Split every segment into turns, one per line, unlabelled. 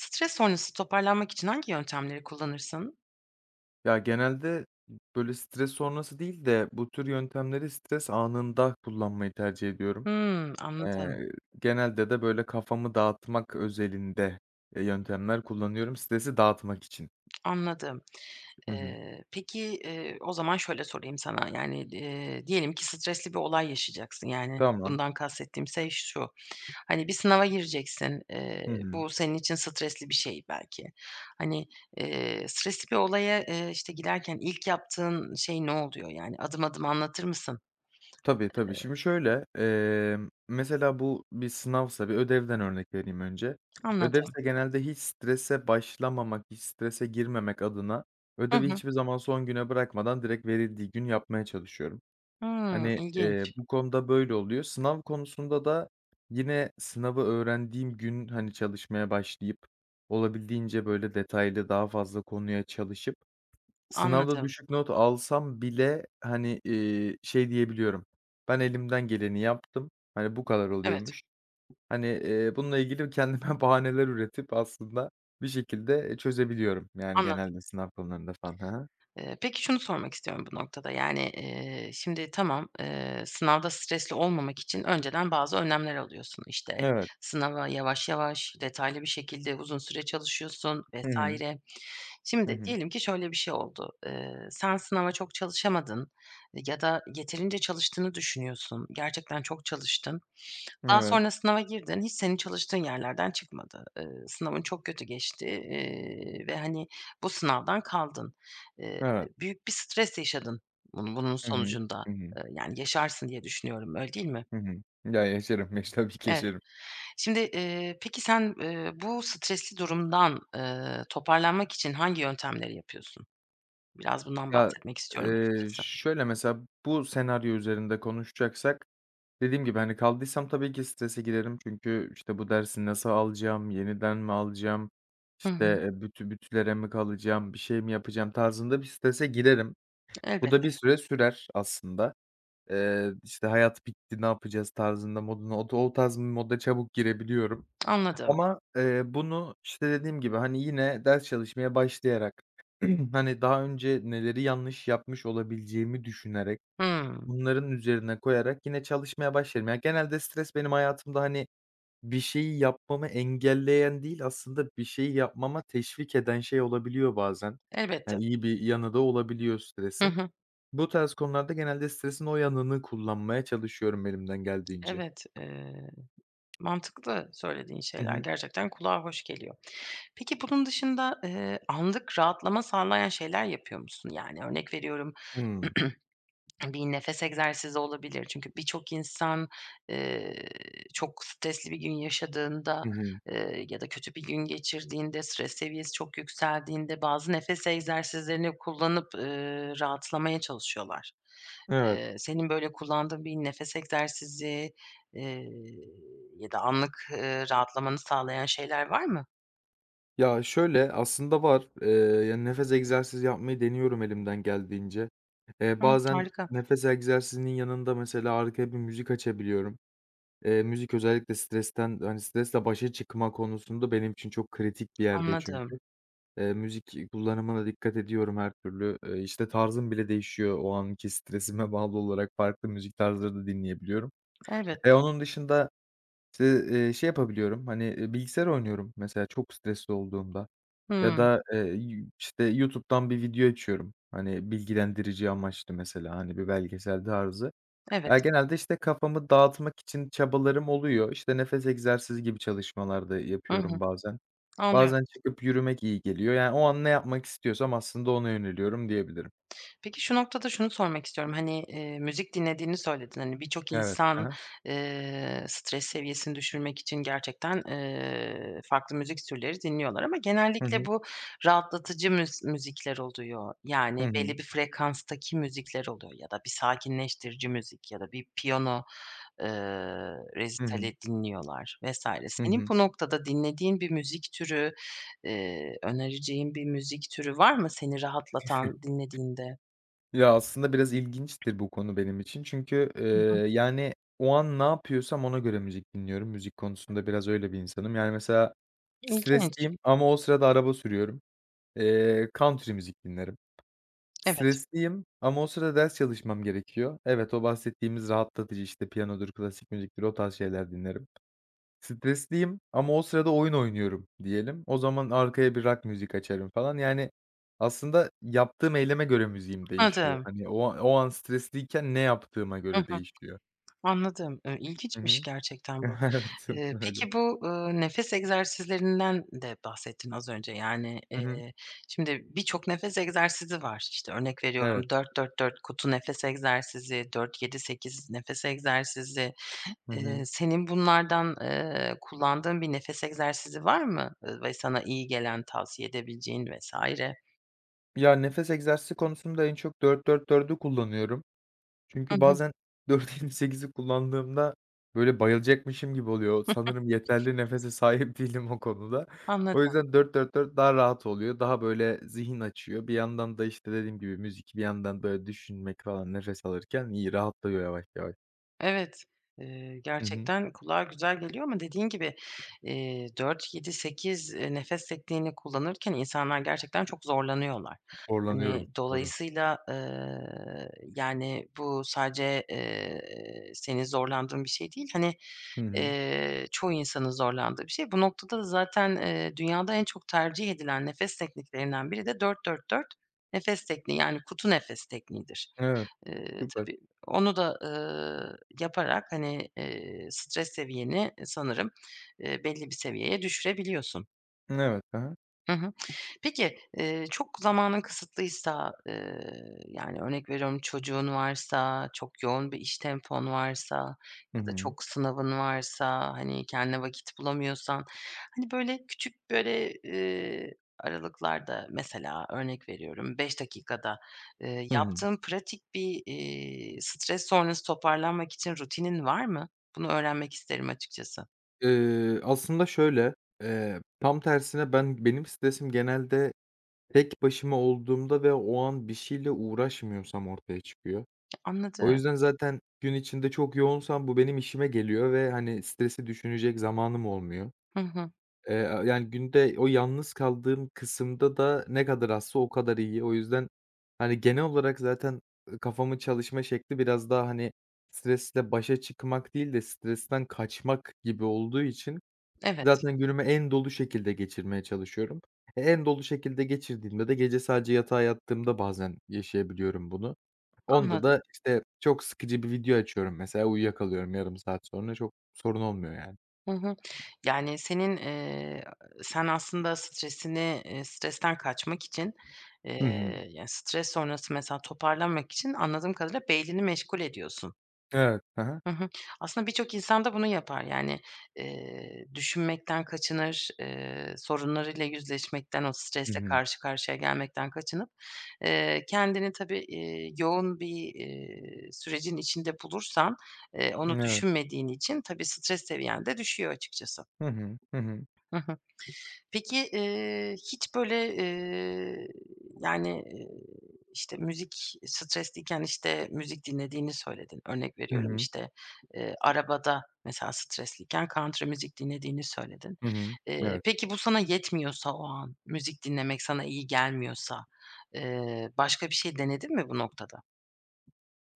Stres sonrası toparlanmak için hangi yöntemleri kullanırsın?
Ya, genelde, böyle, stres sonrası değil de bu tür yöntemleri stres anında kullanmayı tercih ediyorum.
Hımm. Anladım.
Eee, genelde de, böyle, kafamı dağıtmak özelinde, eee, yöntemler kullanıyorum stresi dağıtmak için.
Anladım.
Hı hı.
Eee, peki, eee, o zaman şöyle sorayım sana: Yani, eee, diyelim ki stresli bir olay yaşayacaksın. Yani,
Tamam.
bundan kastettiğim şey şu, hani, bir sınava gireceksin, eee,
Hı hı.
bu senin için stresli bir şey belki. Hani, eee, stresli bir olaya, eee, işte, girerken ilk yaptığın şey ne oluyor yani? Adım adım anlatır mısın?
Tabii, tabii. Şimdi,
Eee
şöyle: Emm, mesela bu bir sınavsa Bir ödevden örnek vereyim önce.
Anladım.
Ödevse genelde hiç strese başlamamak, hiç strese girmemek adına
Hı
ödevi
hı.
hiçbir zaman son güne bırakmadan direkt verildiği gün yapmaya çalışıyorum.
Hıı,
Hani, eee,
ilginç.
bu konuda böyle oluyor. Sınav konusunda da yine sınavı öğrendiğim gün, hani, çalışmaya başlayıp olabildiğince, böyle, detaylı, daha fazla konuya çalışıp sınavda
Anladım.
düşük not alsam bile, hani, eee, şey diyebiliyorum, "Ben elimden geleni yaptım. Hani, bu kadar
Evet.
oluyormuş." Hani, eee, bununla ilgili kendime bahaneler üretip aslında bir şekilde, eee, çözebiliyorum, yani,
Anladım.
genelde sınav konularında falan. Hı hı.
Eee, peki şunu sormak istiyorum bu noktada: Yani, eee, şimdi, tamam, eee, sınavda stresli olmamak için önceden bazı önlemler alıyorsun. İşte,
Evet.
sınava yavaş yavaş, detaylı bir şekilde uzun süre çalışıyorsun
Hı
vs.
hı. Hı
Şimdi,
hı.
diyelim ki şöyle bir şey oldu: Eee, sen sınava çok çalışamadın ya da yeterince çalıştığını düşünüyorsun. Gerçekten çok çalıştın. Daha
Evet.
sonra sınava girdin. Hiç senin çalıştığın yerlerden çıkmadı. Eee, sınavın çok kötü geçti, eee, ve hani bu sınavdan kaldın. Eee,
Evet.
büyük bir stres yaşadın bun bunun
Hı hı,
sonucunda,
hı hı.
eee, yani, yaşarsın diye düşünüyorum, öyle değil mi?
Hı hı, ya, yaşarım. Yaş tabii ki
Evet.
yaşarım.
Şimdi, eee, peki sen, eee, bu stresli durumdan, eee, toparlanmak için hangi yöntemleri yapıyorsun? Biraz bundan
Ya,
bahsetmek istiyorum
eee,
açıkçası.
şöyle mesela, bu senaryo üzerinde konuşacaksak dediğim gibi, hani, kaldıysam tabii ki strese girerim. Çünkü, işte, "Bu dersi nasıl alacağım, yeniden mi alacağım,
Hı
işte,
hı.
eee, büt bütlere mi kalacağım, bir şey mi yapacağım?" tarzında bir strese girerim. Bu da
Elbette.
bir süre sürer aslında. Eee, işte, "Hayat bitti. Ne yapacağız?" tarzında, modunda otu o tarz bir moda çabuk girebiliyorum.
Anladım.
Ama, eee, bunu, işte, dediğim gibi, hani, yine ders çalışmaya başlayarak, hani, daha önce neleri yanlış yapmış olabileceğimi düşünerek,
Hımm.
bunların üzerine koyarak yine çalışmaya başlarım. Genelde stres benim hayatımda, hani, bir şeyi yapmamı engelleyen değil, aslında bir şeyi yapmama teşvik eden şey olabiliyor bazen. Ya,
Elbette.
iyi bir yanı da olabiliyor
Hı
stresin.
hı.
Bu tarz konularda genelde stresin o yanını kullanmaya çalışıyorum elimden geldiğince.
Evet. Eee, mantıklı da söylediğin
Hı
şeyler.
hı.
Gerçekten kulağa hoş geliyor. Peki, bunun dışında, eee, anlık rahatlama sağlayan şeyler yapıyor musun? Yani, örnek veriyorum,
Hımm.
bir nefes egzersizi olabilir çünkü birçok insan, eee, çok stresli bir gün yaşadığında,
Hı hı.
eee, ya da kötü bir gün geçirdiğinde, stres seviyesi çok yükseldiğinde bazı nefes egzersizlerini kullanıp, eee, rahatlamaya çalışıyorlar.
Evet.
Eee, senin böyle kullandığın bir nefes egzersizi, eee, ya da anlık, eee, rahatlamanı sağlayan şeyler var mı?
Ya, şöyle, aslında var. Eee, yani, nefes egzersizi yapmayı deniyorum elimden geldiğince. Eee,
Hımm.
bazen
Harika.
nefes egzersizinin yanında mesela arkaya bir müzik açabiliyorum. Eee, müzik özellikle stresten, hani, stresle başa çıkma konusunda benim için çok kritik bir yerde
Anladım.
çünkü. Eee, müzik, iii, kullanımına dikkat ediyorum her türlü, eee, işte, tarzım bile değişiyor. O anki stresime bağlı olarak farklı müzik tarzları da dinleyebiliyorum.
Evet.
Eee, onun dışında, işte, eee, şey yapabiliyorum, hani, eee, bilgisayar oynuyorum mesela çok stresli olduğumda ya
Hımm.
da, eee, işte, YouTube'dan bir video açıyorum. Hani, bilgilendirici amaçlı mesela, hani, bir belgesel tarzı.
Evet.
Ya, genelde, işte, kafamı dağıtmak için çabalarım oluyor. İşte, nefes egzersizi gibi çalışmalar da
Hı
yapıyorum
hı.
bazen.
Anlıyorum.
Bazen çıkıp yürümek iyi geliyor, yani, o an ne yapmak istiyorsam aslında ona yöneliyorum diyebilirim.
Peki, şu noktada şunu sormak istiyorum. Hani, eee, müzik dinlediğini söyledin. Hani, birçok
Evet. Hı
insan,
hı.
eee, stres seviyesini düşürmek için gerçekten, eee, farklı müzik türleri dinliyorlar ama
Hı
genellikle
hı.
bu rahatlatıcı müz müzikler oluyor. Yani
Hı hı.
belli bir frekanstaki müzikler oluyor ya da bir sakinleştirici müzik ya da bir piyano, eee,
Hı hı.
resitali dinliyorlar vs.
Hı
Senin
hı.
bu noktada dinlediğin bir müzik türü, eee, önereceğin bir müzik türü var mı seni rahatlatan dinlediğinde?
Ya, aslında biraz ilginçtir bu konu benim için çünkü, eee,
Hı hı.
yani, o an ne yapıyorsam ona göre müzik dinliyorum. Müzik konusunda biraz öyle bir insanım. Yani mesela
İlginç.
stresliyim ama o sırada araba sürüyorum. Eee, country müzik dinlerim.
Evet.
Stresliyim ama o sırada ders çalışmam gerekiyor. Evet, o bahsettiğimiz rahatlatıcı, işte, piyanodur, klasik müziktir, o tarz şeyler dinlerim. Stresliyim ama o sırada oyun oynuyorum diyelim. O zaman arkaya bir rock müzik açarım falan yani aslında yaptığım eyleme göre müziğim değişiyor.
Adım.
Hani, o an o an stresliyken ne yaptığıma
Hı
göre
hı.
değişiyor.
Anladım, ııı,
Hı
ilginçmiş
hı.
gerçekten bu.
Evet,
Eee,
öyle.
peki, bu, ııı, nefes egzersizlerinden de bahsettin az önce. Yani,
Hı hı.
eee, şimdi birçok nefes egzersizi var. İşte, örnek
Evet.
veriyorum 4-4-4 "kutu nefes egzersizi", 4-7- 8 nefes egzersizi.
Hı
Eee,
hı.
senin bunlardan, eee, kullandığın bir nefes egzersizi var mı, ııı, ve sana iyi gelen, tavsiye edebileceğin vs.?
Ya, nefes egzersizi konusunda en çok 4-4-4'ü kullanıyorum.
Hı
Çünkü
hı.
bazen 4-7-8'i kullandığımda, böyle, bayılacakmışım gibi oluyor. Sanırım yeterli nefese sahip değilim o konuda.
Anladım.
O yüzden 4-4-4 daha rahat oluyor. Daha, böyle, zihin açıyor. Bir yandan da, işte, dediğim gibi, müzik, bir yandan da düşünmek falan nefes alırken iyi, rahatlıyor yavaş yavaş.
Evet. Eee,
Hı hı.
gerçekten kulağa güzel geliyor ama dediğin gibi, eee, 4-7-8, eee, nefes tekniğini kullanırken insanlar gerçekten çok zorlanıyorlar. Hani,
Zorlanıyorum. Doğru.
dolayısıyla, eee, yani bu sadece, eee, senin zorlandığın bir şey değil. Hani,
Hı hı.
eee, çoğu insanın zorlandığı bir şey. Bu noktada da zaten, eee, dünyada en çok tercih edilen nefes tekniklerinden biri de 4-4-4 nefes tekniği yani "kutu nefes tekniğidir."
Evet.
Eee,
Süper.
tabii onu da, ııı, yaparak, hani, eee, stres seviyeni sanırım, eee, belli bir seviyeye düşürebiliyorsun.
Evet. Hı hı.
Hı hı. Peki, eee, çok zamanın kısıtlıysa, ııı, yani, örnek veriyorum çocuğun varsa, çok yoğun bir iş tempon varsa
Hı
ya da
hı.
çok sınavın varsa, hani, kendine vakit bulamıyorsan, hani, böyle, küçük, böyle, ııı, aralıklarda mesela, örnek veriyorum 5 dakikada, ııı,
Hı hı.
yaptığın pratik bir, iii, stres sonrası toparlanmak için rutinin var mı? Bunu öğrenmek isterim açıkçası.
Iıı, aslında şöyle, eee, tam tersine ben benim stresim genelde tek başıma olduğumda ve o an bir şeyle uğraşmıyorsam ortaya çıkıyor. O
Anladım.
yüzden zaten gün içinde çok yoğunsam bu benim işime geliyor ve, hani, stresi düşünecek zamanım olmuyor.
Hı hı.
Eee, aaa, yani, günde o yalnız kaldığım kısımda da ne kadar azsa o kadar iyi. O yüzden, hani, genel olarak zaten, ııı, kafamın çalışma şekli biraz daha, hani, stresle başa çıkmak değil de stresten kaçmak gibi olduğu için
Evet.
zaten günümü en dolu şekilde geçirmeye çalışıyorum. E, en dolu şekilde geçirdiğimde de gece sadece yatağa yattığımda bazen yaşayabiliyorum bunu. Onda
Anladım.
da, işte, çok sıkıcı bir video açıyorum, mesela, uyuyakalıyorum yarım saat sonra. Çok sorun olmuyor, yani.
Hı hı. Yani, senin, ııı, sen aslında stresini, ııı, stresten kaçmak için, ııı,
Hı hı.
yani, stres sonrası mesela toparlanmak için anladığım kadarıyla, beynini meşgul ediyorsun.
Evet, hı hı.
Hı hı. Aslında birçok insan da bunu yapar. Yani, ııı, düşünmekten kaçınır, ııı, sorunlarıyla yüzleşmekten, o
I
stresle
hı.
karşı karşıya gelmekten kaçınıp, eee, kendini tabii, iii, yoğun bir, iii, sürecin içinde bulursan, ııı, onu
Evet.
düşünmediğin için tabii stres seviyen de düşüyor açıkçası.
Hı hı. Hı hı.
Hı hı. Peki, ııı, hiç böyle, ııı, yani, ııı, işte, müzik stresliyken, işte, müzik dinlediğini söyledin. Örnek
Hı
veriyorum,
hı.
işte, ııı, arabada, mesela, stresliyken country müzik dinlediğini söyledin.
Hı hı,
Eee,
evet.
peki, bu sana yetmiyorsa o an, müzik dinlemek sana iyi gelmiyorsa, ııı, başka bir şey denedin mi bu noktada?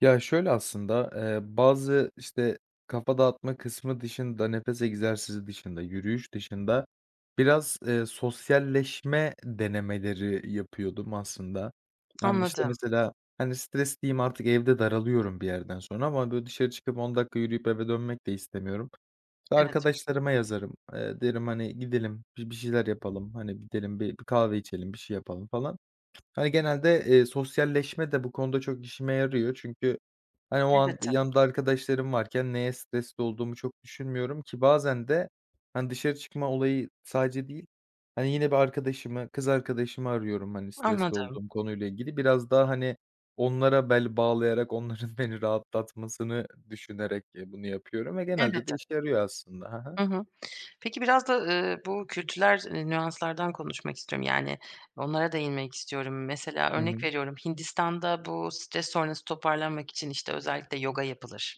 Ya, şöyle aslında, eee, bazı, işte, kafa dağıtma kısmı dışında, nefes egzersizi dışında, yürüyüş dışında biraz, eee, sosyalleşme denemeleri yapıyordum aslında. Ben bir, işte,
Anladım.
mesela, hani, stresliyim artık evde daralıyorum bir yerden sonra ama, böyle, dışarı çıkıp 10 dakika yürüyüp eve dönmek de istemiyorum.
Evet.
Arkadaşlarıma yazarım, eee, derim: "Hani, gidelim bi bir şeyler yapalım, hani gidelim bir bir kahve içelim, bir şey yapalım falan." Hani, genelde, eee, sosyalleşme de bu konuda çok işime yarıyor çünkü, hani, o an
Elbette.
yanımda arkadaşlarım varken neye stresli olduğumu çok düşünmüyorum ki bazen de, hani, dışarı çıkma olayı sadece değil, hani, yine bir arkadaşımı, kız arkadaşımı arıyorum, hani, stresli
Anladım.
olduğum konuyla ilgili. Biraz daha, hani, onlara bel bağlayarak, onların beni rahatlatmasını düşünerek, eee, bunu yapıyorum ve genelde de
Elbette.
işe yarıyor aslında. Ha ha.
Hı hı. Peki, biraz da, ııı, bu kültürel nüanslardan konuşmak istiyorum. Yani, onlara değinmek istiyorum. Mesela,
Hı
örnek
hı.
veriyorum Hindistan'da bu stres sonrası toparlanmak için, işte, özellikle yoga yapılır.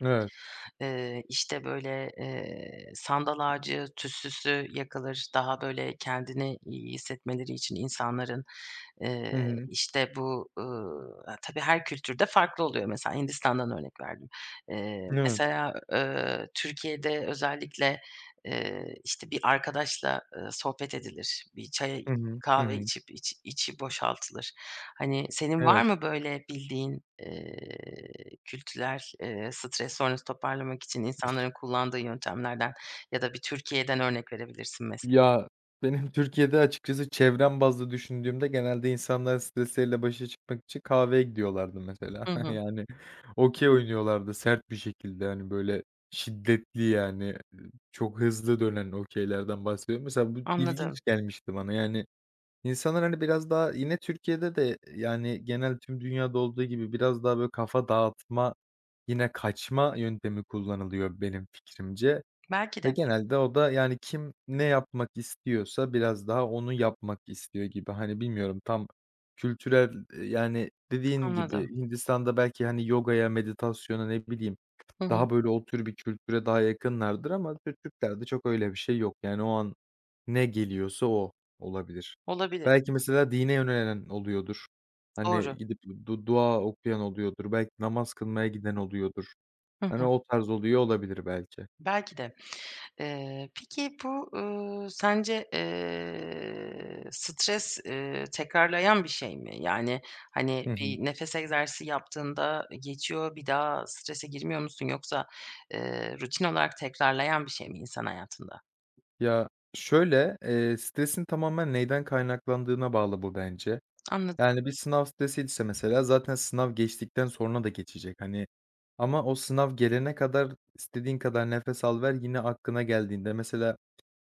Evet.
Eee, işte, böyle, eee, sandal ağacı tütsüsü yakılır daha, böyle, kendini iyi hissetmeleri için insanların. Eee,
Hı hı.
işte bu, ııı, tabii, her kültürde farklı oluyor. Mesela, Hindistan'dan örnek verdim. Eee,
Evet.
mesela, ııı, Türkiye'de özellikle, eee, işte, bir arkadaşla, ııı, sohbet edilir. Bir çaya
Hı hı. Hı
kahve
hı.
içip içi içi boşaltılır. Hani, senin var
Evet.
mı böyle bildiğin, eee, kültürel, eee, stres sonrası toparlamak için insanların kullandığı yöntemlerden ya da bir Türkiye'den örnek verebilirsin, mese
Ya, benim Türkiye'de açıkçası çevrem bazlı düşündüğümde, genelde insanlar stresleriyle başa çıkmak için kahveye gidiyorlardı mesela.
Hı hı.
Yani, okey oynuyorlardı sert bir şekilde, hani, böyle, şiddetli yani çok hızlı dönen okeylerden bahsediyorum. Mesela bu ilginç
Anladım.
gelmişti bana, yani, insanlar, hani, biraz daha yine Türkiye'de de, yani, genel tüm dünyada olduğu gibi biraz daha, böyle, kafa dağıtma, yine kaçma yöntemi kullanılıyor benim fikrimce
Belki
ve
de.
genelde o da, yani, kim ne yapmak istiyorsa biraz daha onu yapmak istiyor gibi. Hani, bilmiyorum, tam kültürel eee, yani, dediğin gibi,
Anladım.
Hindistan'da belki, hani, yogaya, meditasyona, ne bileyim,
Hı hı.
daha, böyle, o tür bir kültüre daha yakınlardır ama Türk Türklerde çok öyle bir şey yok yani o an ne geliyorsa o olabilir.
Olabilir.
Belki mesela dine yönelen oluyordur, hani,
Doğru.
gidip du dua okuyan oluyordur, belki namaz kılmaya giden oluyordur.
Hı
Hani,
hı.
o tarz oluyor olabilir belki.
Belki de. Eee, peki, bu, ııı, sence, eee, stres, eee, tekrarlayan bir şey mi? Yani,
Hı
hani,
hı.
bir nefes egzersizi yaptığında geçiyor, bir daha strese girmiyor musun yoksa, eee, rutin olarak tekrarlayan bir şey mi insan hayatında?
Ya, şöyle, eee, stresin tamamen neden kaynaklandığına bağlı bu bence.
Anladı
Yani, bir sınav stresiyse mesela zaten sınav geçtikten sonra da geçecek, hani, ama o sınav gelene kadar istediğin kadar nefes al, ver yine aklına geldiğinde mesela,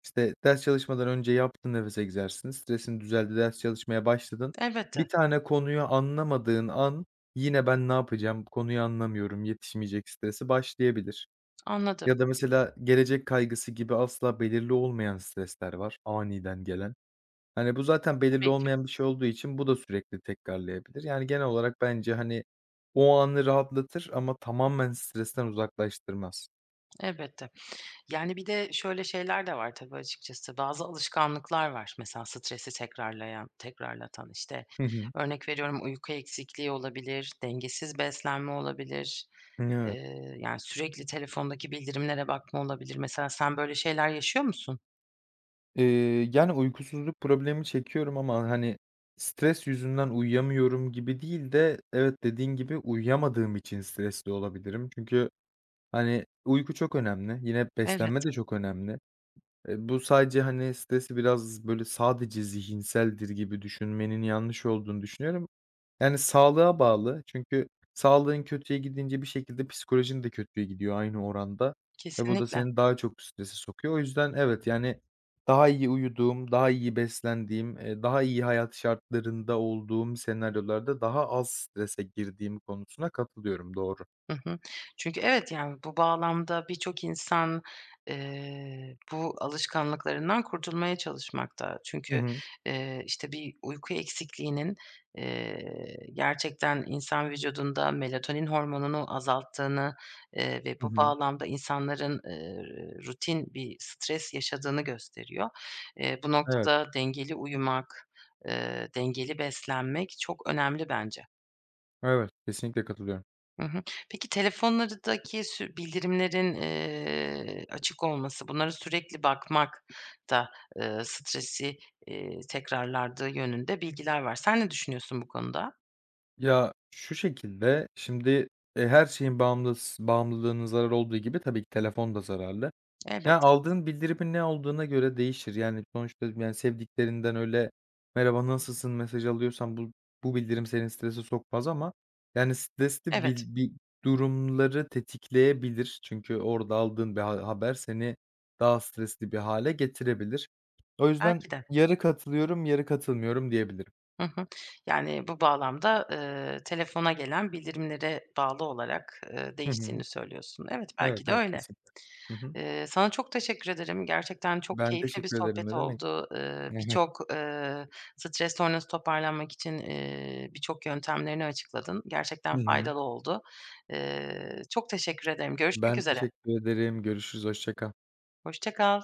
işte, ders çalışmadan önce yaptın nefes egzersizini, stresin düzeldi, ders çalışmaya başladın; 1
Elbette.
tane konuyu anlamadığın an yine: "Ben ne yapacağım? Bu konuyu anlamıyorum, yetişmeyecek." stresi başlayabilir.
Anladım.
Ya da mesela gelecek kaygısı gibi asla belirli olmayan stresler var, aniden gelen. Hani, bu zaten belirli
Tabii ki.
olmayan bir şey olduğu için bu da sürekli tekrarlayabilir. Yani genel olarak bence, hani, o anı rahatlatır ama tamamen stresten uzaklaştırmaz.
Elbette. Yani, bir de şöyle şeyler de var tabii açıkçası. Bazı alışkanlıklar var mesela stresi tekrarlayan tekrarlatan; işte,
Hı hı.
örnek veriyorum uyku eksikliği olabilir, dengesiz beslenme olabilir,
Evet.
eee, yani, sürekli telefondaki bildirimlere bakma olabilir. Mesela sen böyle şeyler yaşıyor musun?
Eee, yani, uykusuzluk problemi çekiyorum ama, hani, stres yüzünden uyuyamıyorum gibi değil de evet, dediğin gibi, uyuyamadığım için stresli olabilirim. Çünkü, hani, uyku çok önemli, yine beslenme
Elbette.
de çok önemli. Eee, bu sadece, hani, stresi biraz, böyle, sadece zihinseldir gibi düşünmenin yanlış olduğunu düşünüyorum. Yani sağlığa bağlı çünkü sağlığın kötüye gidince bir şekilde psikolojin de kötüye gidiyor aynı oranda ve bu da
Kesinlikle.
seni daha çok strese sokuyor. O yüzden evet, yani, daha iyi uyuduğum, daha iyi beslendiğim, eee, daha iyi hayat şartlarında olduğum senaryolarda daha az strese girdiğim konusuna katılıyorum, doğru.
Hı hı. Çünkü evet, yani, bu bağlamda birçok insan, eee, bu alışkanlıklarından kurtulmaya çalışmakta.
Hı
Çünkü,
hı.
eee, işte, bir uyku eksikliğinin, eee, gerçekten insan vücudunda melatonin hormonunu azalttığını, eee, ve
Hı
bu
hı.
bağlamda insanların, eee, rutin bir stres yaşadığını gösteriyor. Eee, bu
Evet.
noktada dengeli uyumak, eee, dengeli beslenmek çok önemli bence.
Evet. Kesinlikle katılıyorum.
Hı hı. Peki, telefonlardaki sü bildirimlerin, eee, açık olması, bunlara sürekli bakmak da, ııı, stresi, iii, tekrarladığı yönünde bilgiler var. Sen ne düşünüyorsun bu konuda?
Ya, şu şekilde, şimdi, eee, her şeyin bağımlıs bağımlılığının zarar olduğu gibi tabii ki telefon da zararlı. Ya,
Elbette.
aldığın bildirimin ne olduğuna göre değişir. Yani, sonuçta, yani, sevdiklerinden öyle, “Merhaba, nasılsın?” mesajı alıyorsan bu bu bildirim seni strese sokmaz ama, yani, stresli
Evet.
bil bir durumları tetikleyebilir. Çünkü orada aldığın bir ha haber seni daha stresli bir hâle getirebilir. O yüzden
Belki de.
yarı katılıyorum, yarı katılmıyorum diyebilirim.
Hı hı. Yani, bu bağlamda, ııı, telefona gelen bildirimlere bağlı olarak, ııı,
Hı hı.
değiştiğini söylüyorsun. Evet,
Evet,
belki de
evet,
öyle.
kesinlikle. Hı hı.
Eee, sana çok teşekkür ederim. Gerçekten çok
Ben
keyifli bir
teşekkür ederim,
sohbet
ne demek.
oldu. Iıı,
[unintelligible]
birçok, ııı, stres sonrası toparlanmak için, iii, birçok yöntemlerini açıkladın.
I
Gerçekten
hı.
faydalı oldu. Eee, çok teşekkür ederim. Görüşmek
Ben
üzere.
teşekkür ederim. Görüşürüz, hoşça kal.
Hoşça kal.